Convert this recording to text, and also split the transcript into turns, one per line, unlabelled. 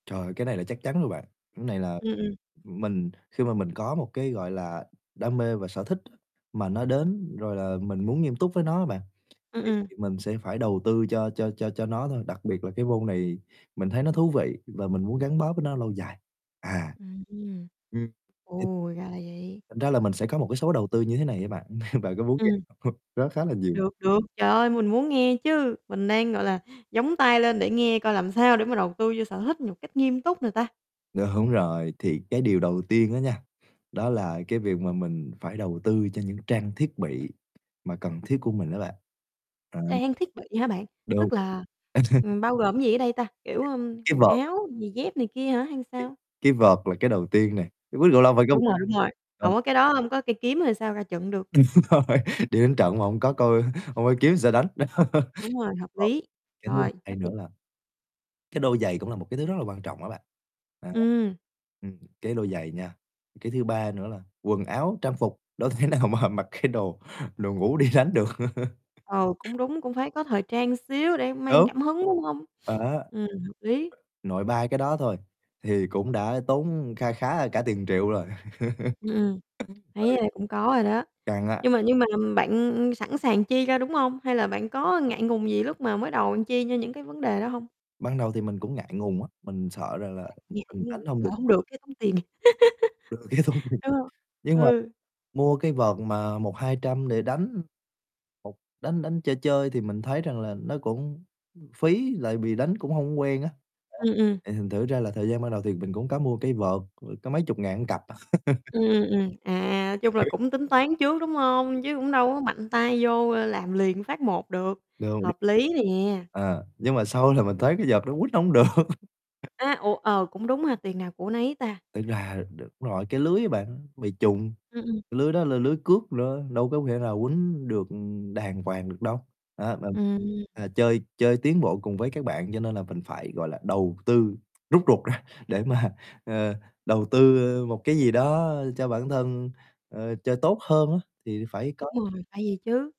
Trời, cái này là chắc chắn rồi bạn. Này là
Ừm, ừm.
mình khi mà mình có một cái, gọi là, đam mê và sở thích á, mà nó đến rồi là mình muốn nghiêm túc với nó á mà,
Ừm,
thì
ừm.
thì mình sẽ phải đầu tư cho cho cho cho nó thôi. Đặc biệt là cái môn này mình thấy nó thú vị và mình muốn gắn bó với nó lâu dài. À.
Ừm.
Ừm. [unintelligible]
Ồ, ra là vậy.
Thành ra là mình sẽ có một cái số đầu tư như thế này á bạn, bạn có muốn nghe
Ừm.
không? Nó khá là nhiều.
Được, được, trời ơi, mình muốn nghe chứ. Mình đang, gọi là, dóng tai lên để nghe coi làm sao để mà đầu tư vô sở thích nhột cách nghiêm túc nè ta.
Đúng rồi, thì cái điều đầu tiên á nha, đó là cái việc mà mình phải đầu tư cho những trang thiết bị mà cần thiết của mình đó bạn, ờ.
Trang thiết bị hả bạn,
Đúng.
tức là, ừm, bao gồm gì ở đây ta, kiểu, ưm,
Cái
quần
vợt.
áo giày dép này kia hả, hay sao?
Cái vợt là cái đầu tiên này, quýnh cầu lông phải có
Đúng rồi, đúng rồi, hổng
[unintelligible]
có cái đó, hông có cây kiếm rồi sao ra trận được.
Đúng rồi, đi đánh trận mà hổng có coi hông có kiếm sao đánh.
Đúng rồi, hợp
Ờ.
lý,
Cái thứ
rồi,
hai
chấp nh
nữa là cái đôi giày cũng là một cái thứ rất là quan trọng á bạn, đó.
Ừm.
Ừm, cái đôi giày nha, cái thứ 3 nữa là quần áo trang phục, đâu thể nào mà mặc cái đồ đồ ngủ đi đánh được.
Ừ, cũng đúng, cũng phải có thời trang xíu để mang
Đúng.
cảm hứng, đúng hông?
Đó.
Ừm, hợp lý.
Nội ba cái đó thôi, thì cũng đã tốn kha khá cả tiền triệu rồi.
Ừm, thấy,
Ừ.
ơ, cũng có rồi đó,
Căng á.
nhưng mà nhưng mà bạn sẵn sàng chi ra, đúng hông? Hay là bạn có ngại ngùng gì lúc mà mới đầu bạn chi cho những cái vấn đề đó hông?
Ban đầu thì mình cũng ngại ngùng á, mình sợ rằng
À,
là
cũng ngại,
mình
đúng hông?
đánh hông
Lỡ
được.
hổng được cái tốn tiền.
Rồi cái xong rồi
Đúng hông?
nhưng mà
Ừ.
mua cây vợt mà 100, 200 để đánh, một đánh đánh chơi chơi thì mình thấy rằng là nó cũng phí, lại bị đánh cũng hông quen á.
Ừm, ừm.
[unintelligible] Thì thành thử ra là thời gian ban đầu thì mình cũng có mua cây vợt, có mấy chục ngàn một cặp à.
Ừm, ừm, ừm. À, chung là cũng tính toán trước, đúng hông? Chứ cũng đâu có mạnh tay vô làm liền phát một được,
Đâu.
hợp lý nè.
À, nhưng mà sau là mình thấy cây vợt đó quýnh hổng được.
À, ủa ờ, cũng đúng ha, tiền nào của nấy ta.
Tính ra đ đúng rồi, cái lưới á bạn, bị chùng,
Ừm, ừm.
cái lưới đó là lưới cước nữa, đâu có thể nào quýnh được đàng hoàng được đâu. Đó, nên,
Ừm.
à, chơi chơi tiến bộ cùng với các bạn, cho nên là mình phải, gọi là, đầu tư rút ruột ra để mà, ờ, đầu tư một cái gì đó cho bản thân, ơ, chơi tốt hơn á, thì phải
Đúng
có
rồi, phải vậy chứ.